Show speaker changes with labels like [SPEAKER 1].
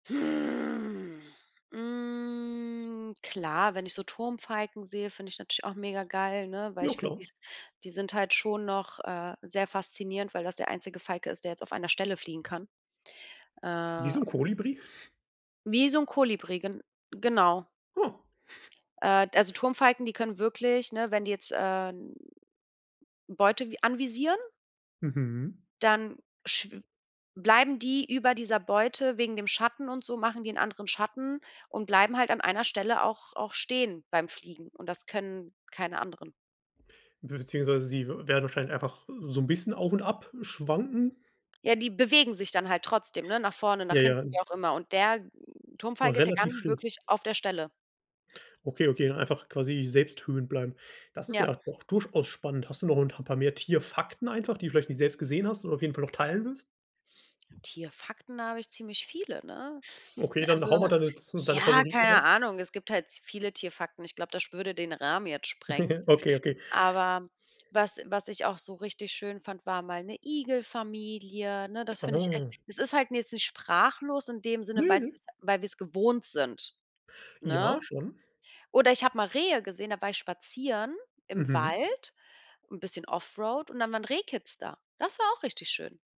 [SPEAKER 1] Hm, hm, klar, wenn ich so Turmfalken sehe, finde ich natürlich auch mega geil, ne? Weil
[SPEAKER 2] Ja,
[SPEAKER 1] ich finde,
[SPEAKER 2] klar.
[SPEAKER 1] die s die sind halt schon noch, äh, sehr faszinierend, weil das der einzige Falke ist, der jetzt auf einer Stelle fliegen kann. Äh.
[SPEAKER 2] Wieso Kolibri?
[SPEAKER 1] Wie so 'n Kolibri, gen genau.
[SPEAKER 2] Oh.
[SPEAKER 1] Äh, also, Turmfalken, die können wirklich, ne wenn die jetzt, äh, n Beute vi anvisieren
[SPEAKER 2] Mhm.
[SPEAKER 1] dann schw bleiben die über dieser Beute wegen dem Schatten und so machen die anderen Schatten und bleiben halt an einer Stelle auch auch stehen beim Fliegen und das können keine anderen.
[SPEAKER 2] Beziehungsweise sie w werden vielleicht einfach so 'n bisschen auf und ab schwanken.
[SPEAKER 1] Ja, die bewegen sich dann halt trotzdem, ne? Nach vorne, nach
[SPEAKER 2] Ja, ja.
[SPEAKER 1] hinten, wie auch immer. Und der
[SPEAKER 2] Aber
[SPEAKER 1] Turmfalke, der
[SPEAKER 2] relativ
[SPEAKER 1] kann
[SPEAKER 2] still.
[SPEAKER 1] wirklich auf der Stelle.
[SPEAKER 2] Okay, okay, dann einfach quasi selbsthöhend bleiben. Das ist ja
[SPEAKER 1] Ja.
[SPEAKER 2] auch durchaus spannend. Hast du noch 'n ta 'n paar mehr Tierfakten einfach, die du vielleicht nie selbst gesehen hast und auf jeden Fall noch teilen willst?
[SPEAKER 1] Tierfakten, habe ich ziemlich viele, ne?
[SPEAKER 2] Okay,
[SPEAKER 1] Also,
[SPEAKER 2] dann haue mal deine z deine
[SPEAKER 1] ja,
[SPEAKER 2] Favoriten
[SPEAKER 1] keine
[SPEAKER 2] raus.
[SPEAKER 1] Ahnung. Es gibt halt zu viele Tierfakten. Ich glaube, das sch würde den Rahmen jetzt sprengen.
[SPEAKER 2] Okay, okay.
[SPEAKER 1] Aber was was ich auch so richtig schön fand, war mal 'ne Igelfamilie, ne? Das finde ich echt
[SPEAKER 2] Aha.
[SPEAKER 1] es ist halt jetzt nicht sprachlos in dem
[SPEAKER 2] Ne,
[SPEAKER 1] Sinne, weil es
[SPEAKER 2] ne.
[SPEAKER 1] weil wir es gewohnt sind,
[SPEAKER 2] Ja,
[SPEAKER 1] ne?
[SPEAKER 2] schon.
[SPEAKER 1] Oder ich habe mal Rehe gesehen, da war ich spazieren im
[SPEAKER 2] Mhm.
[SPEAKER 1] Wald, 'n bisschen off-road und dann war 'n Rehkitz da. Das war auch richtig schön.